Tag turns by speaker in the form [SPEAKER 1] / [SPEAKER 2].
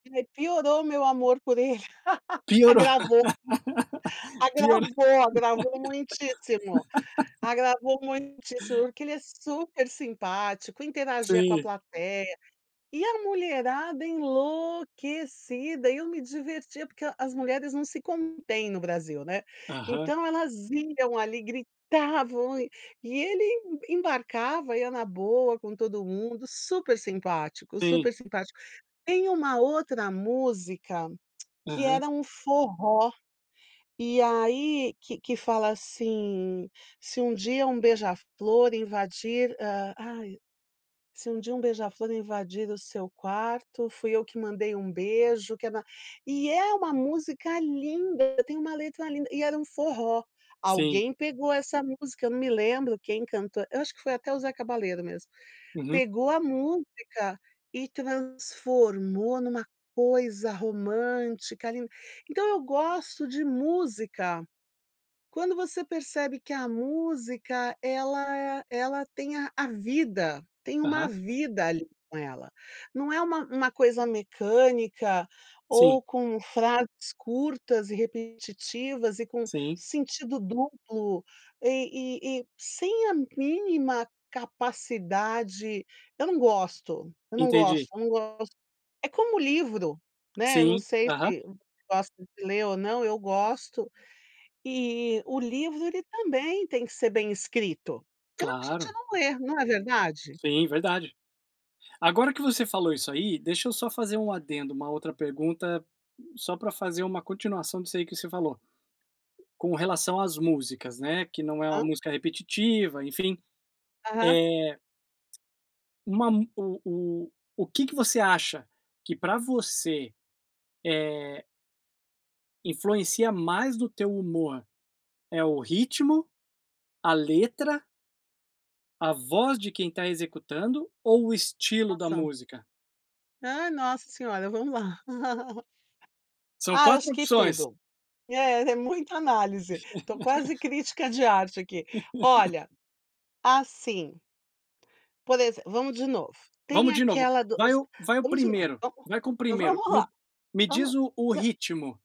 [SPEAKER 1] Aí, piorou o meu amor por ele.
[SPEAKER 2] Piorou.
[SPEAKER 1] Agravou.
[SPEAKER 2] Piorou.
[SPEAKER 1] Agravou, agravou muitíssimo, agravou muitíssimo porque ele é super simpático, interagia com a
[SPEAKER 2] Sim.
[SPEAKER 1] plateia. E a mulherada enlouquecida, eu me divertia porque as mulheres não se contêm no Brasil, né.
[SPEAKER 2] Aham.
[SPEAKER 1] Então elas iam ali, gritavam e e ele em embarcava, ia na boa com todo mundo, super simpático,
[SPEAKER 2] Sim.
[SPEAKER 1] super simpático. Tem uma outra música, que
[SPEAKER 2] Aham.
[SPEAKER 1] era um forró. E aí que que fala assim: "Se um dia um beija-flor invadir, hã, ai, se um dia um beija-flor invadir o seu quarto fui eu que mandei um beijo que era." E é uma música linda, tem uma letra linda, e era um forró.
[SPEAKER 2] Sim.
[SPEAKER 1] Alguém pegou essa música, eu não me lembro quem cantou eu acho que foi até o Zeca Balero mesmo.
[SPEAKER 2] Uhum.
[SPEAKER 1] Pegou a música e transformou numa coisa romântica ali. Então eu gosto de música, quando você percebe que a música ela é ela tem a a vida, tem uma
[SPEAKER 2] Aham.
[SPEAKER 1] vida ali com ela. Não é uma uma coisa mecânica,
[SPEAKER 2] Sim.
[SPEAKER 1] ou com frases curtas e repetitivas e com
[SPEAKER 2] Sim.
[SPEAKER 1] sentido duplo, e e e sem a mínima capacidade eu não gosto, eu não
[SPEAKER 2] Entendi.
[SPEAKER 1] gosto, eu não gosto. É como o livro, né, eu não
[SPEAKER 2] Sim,
[SPEAKER 1] sei
[SPEAKER 2] aham.
[SPEAKER 1] se você gosta de ler ou não, eu gosto, e o livro ele também tem que ser bem escrito. Senão a gente
[SPEAKER 2] Claro.
[SPEAKER 1] não lê, não é verdade?
[SPEAKER 2] Sim, verdade. Agora que você falou isso aí, deixa eu só fazer um adendo, uma outra pergunta, só pra fazer uma continuação disso aí que você falou. Com relação às músicas, né. Que não é uma
[SPEAKER 1] Hã?
[SPEAKER 2] música repetitiva, enfim.
[SPEAKER 1] Aham.
[SPEAKER 2] Eh uma mu o o o que que você acha que pra você, eh influencia mais no teu humor? É o ritmo, a letra a voz de quem está executando ou o estilo da
[SPEAKER 1] Nossa.
[SPEAKER 2] música?
[SPEAKER 1] Hã, nossa senhora, vamos lá.
[SPEAKER 2] São
[SPEAKER 1] Ah, eu acho
[SPEAKER 2] 4
[SPEAKER 1] que
[SPEAKER 2] opções.
[SPEAKER 1] tudo, é é muita análise, tô quase crítica de arte aqui. Olha. Assim. Por exem Vamos de novo, tem
[SPEAKER 2] Vamos de novo.
[SPEAKER 1] aquela do
[SPEAKER 2] Vai
[SPEAKER 1] si
[SPEAKER 2] o vai o
[SPEAKER 1] vamos de novo
[SPEAKER 2] primeiro,
[SPEAKER 1] vamos
[SPEAKER 2] vai com o primeiro,
[SPEAKER 1] vamos lá.
[SPEAKER 2] me me
[SPEAKER 1] Vamos.
[SPEAKER 2] diz o o
[SPEAKER 1] Não
[SPEAKER 2] ritmo.